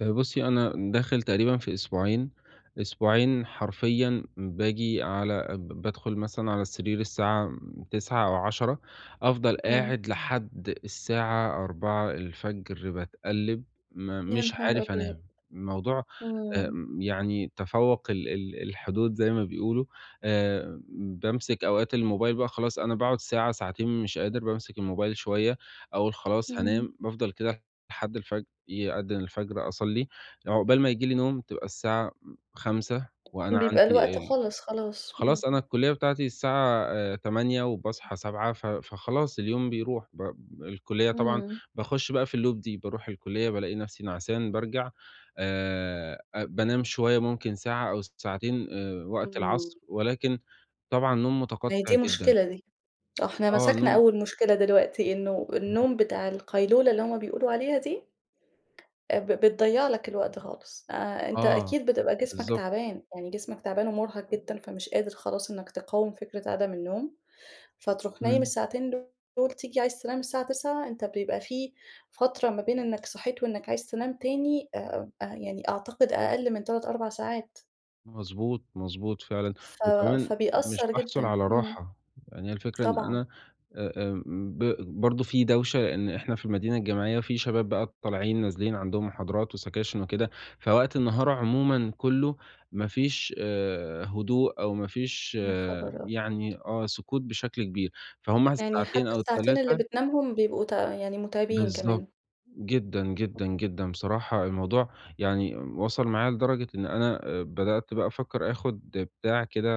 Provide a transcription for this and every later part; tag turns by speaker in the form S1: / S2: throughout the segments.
S1: آآ بُصّي، أنا داخل تقريبًا في أسبوعين، أسبوعين حرفيًا بآجي على ب بادخُل مثلًا على السرير الساعة م 21:00 أو 22:00، أفضل
S2: إمم.
S1: قاعد لحد الساعة 04:00 باتقلِّب م
S2: يا
S1: مش
S2: نهار
S1: عارف
S2: أبيض!
S1: أنام. الموضوع
S2: إمم.
S1: آمم يعني تفوَّق ال ال الحدود زي ما بيقولوا. آآ بامسِك أوقات الموبايل بقى خلاص أنا باقعُد ساعة، ساعتين مش قادر بامسِك الموبايل شوية، أقول خلاص
S2: إمم.
S1: هانام، بافضل كده لحد الفجر، يأدِّن الفجر أصلّي. عقبال ما ييجي لي نوم تبقى الساعة م 05:00 وأنا
S2: بيبقى
S1: عندي
S2: الوقت
S1: ال
S2: خلص خلاص، إمم.
S1: خلاص أنا الكُلّية بتاعتي الساعة آآ 08:00 وباصحى 07:00، ف فخلاص اليوم بيروح ب الكُلّية طبعًا
S2: إمم.
S1: باخُش بقى في الloop دي، باروح الكُلّية بالاقي نَفْسي نعسان بارجع آآ، أ بانام شوية ممكن ساعة أو ساعتين آآ وقت العصر
S2: إمم.
S1: ولكن طبعًا نوم
S2: ما هي
S1: مُتقطِّع
S2: دي
S1: جدًا.
S2: مشكلة دي. آه، إحنا
S1: آه،
S2: مسكنا
S1: نوم
S2: أول مشكلة دلوقتي، إنه
S1: اهم.
S2: النوم بتاع القيلولة اللي هم بيقولوا عليها دي، آآ ب بتضيّع لك الوقت خالص. آآ، أنت
S1: آه،
S2: أكيد بتبقى جسمك
S1: بالضبط.
S2: تَعبان، يعني جسمك تَعبان ومُرهق جدًا، فمش قادر خلاص إنّك تِقاوم فِكرة عدم النوم، فتروح نايم
S1: إمم.
S2: الساعتين دول تيجي عايز تنام الساعة 21:00، أنت بيبقى في فترة ما بين إنّك صحيت وإنّك عايز تنام تاني آآ، يعني أعتقد أقَل من 3، 4 ساعات.
S1: مضبوط، مضبوط فعلًا.
S2: ف
S1: وكمان مش
S2: فبيأثّر
S1: باحصُل
S2: جدًا،
S1: على
S2: إمم.
S1: راحة. يعني هي الفكرة إن
S2: طبعًا.
S1: أنا آآ، آمم، ب برضه في دوشة، لإن إحنا في المدينة الجامعية في شباب بقى طالعين نازلين عندهم محاضرات وسَكاشِن وكده، فوقت النهار عمومًا كُلّه ما فيش آآ، هدوء أو ما فيش
S2: يا خبر أبيض!
S1: يعني آه، سكوت بشكل كبير، فهم
S2: يعني
S1: الساعتين
S2: حتّى
S1: أو
S2: الساعتين اللي
S1: ال3
S2: بتنامهم بيبقوا ت يعني مُتعبين
S1: بالضبط.
S2: كمان.
S1: جدًا، جدًا،
S2: [unintelligible]
S1: جدًا. بصراحة الموضوع يعني وصل معايا لدرجة إن أنا آآ بدأت بقى أفكّر آخُد بتاع كده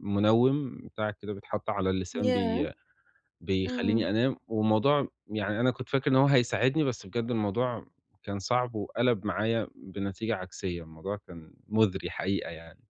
S1: مِنوِّم، بتاع كده بيتحَط على اللسان بي
S2: ياه!
S1: بيخلّيني
S2: إمم.
S1: أنام، والموضوع يعني أنا كنت فاكر إن هو هيساعدني، بس بجد الموضوع كان صعب وقَلَب معايا بنتيجة عكسية، الموضوع كان مُزري حقيقة يعني.